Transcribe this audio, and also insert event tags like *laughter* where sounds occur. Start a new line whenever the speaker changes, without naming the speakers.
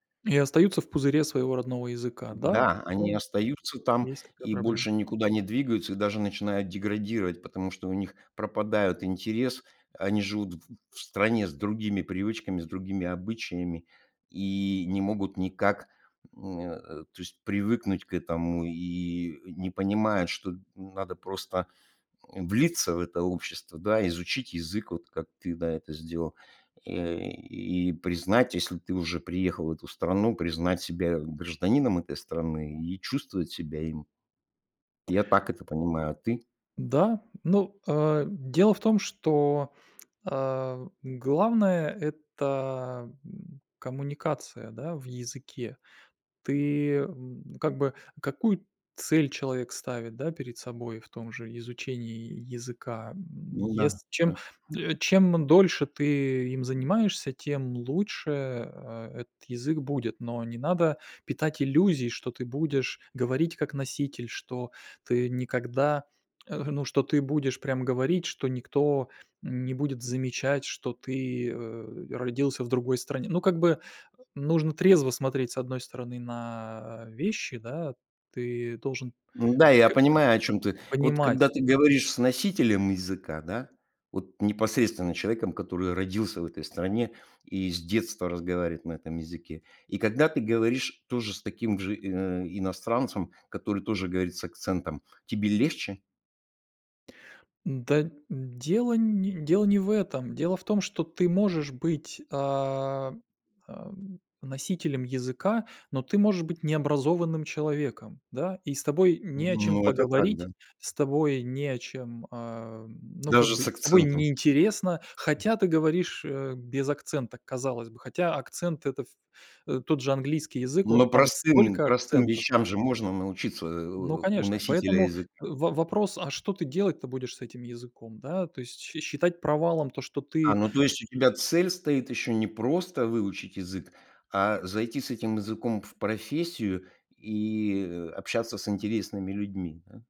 И остаются в пузыре своего родного языка. Да,
М-да, они
ага.
остаются там
Есть такая
и
проблема.
больше никуда не двигаются, и даже начинают деградировать, потому что у них пропадают интерес, они живут в в в стране с другими привычками, с другими обычаями и не могут никак, м, э, то есть привыкнуть к этому и не понимают, что н надо просто, м, влиться в это общество, да, изучить язык, вот как ты, да, это сделал. *grunts* И признать, если ты уже приехал в эту страну, признать себя гражданином этой страны, и чувствовать себя им. Я так это понимаю. А ты?
Да. Ну, э, дело в том, что, э, главное- это, м, коммуникация, да, в языке. Ты, м, как бы Какую цель человек ставит, да, перед собой в том же изучении языка. М,
Ну да,
ес чем,
да.
м, чем дольше ты им занимаешься, тем лучше, э, этот язык будет. Но не надо питать иллюзий, что ты будешь говорить как носитель, что ты никогда э, ну, что ты будешь прям говорить, что никто не будет замечать, что ты, э, родился в другой стране. Ну, как бы, нужно трезво смотреть, с одной стороны, на, а, вещи, да: ты должен
Н-да, я
*hiccups*
понимаю, о чём ты. Вот когда
понимать
ты говоришь с носителем языка, да, вот непосредственно человеком, который родился в этой стране и с детства разговаривает на этом языке, и когда ты говоришь тоже с таким же ин э, иностранцем, который тоже говорит с акцентом, тебе легче?
Н-да, н дело не дело не в этом. Дело в том, что ты можешь быть, а, ам, носителем языка, но ты можешь быть необразованным человеком, да. И с тобой
М,
не о чем
ну, это так,
поговорить,
да.
с тобой не о чем, а, ну как
Даже
бы,
с
с тобой
акцентом.
не интересно, хотя ты говоришь, э, без акцента, казалось бы. Хотя акцент- это, в э, тот же английский язык, о
Но
там
простым
столько
простым
акцентов
вещам же можно научиться, э,
Ну
у
конечно.
носителя
Поэтому,
языка.
в вопрос, а что ты делать-то будешь с этим языком, да. То есть, счи считать провалом то, что
А,
ты
ну, то есть, у тебя цель стоит ещё не просто выучить язык, а зайти с этим языком в профессию и, э, общаться с интересными людьми, да?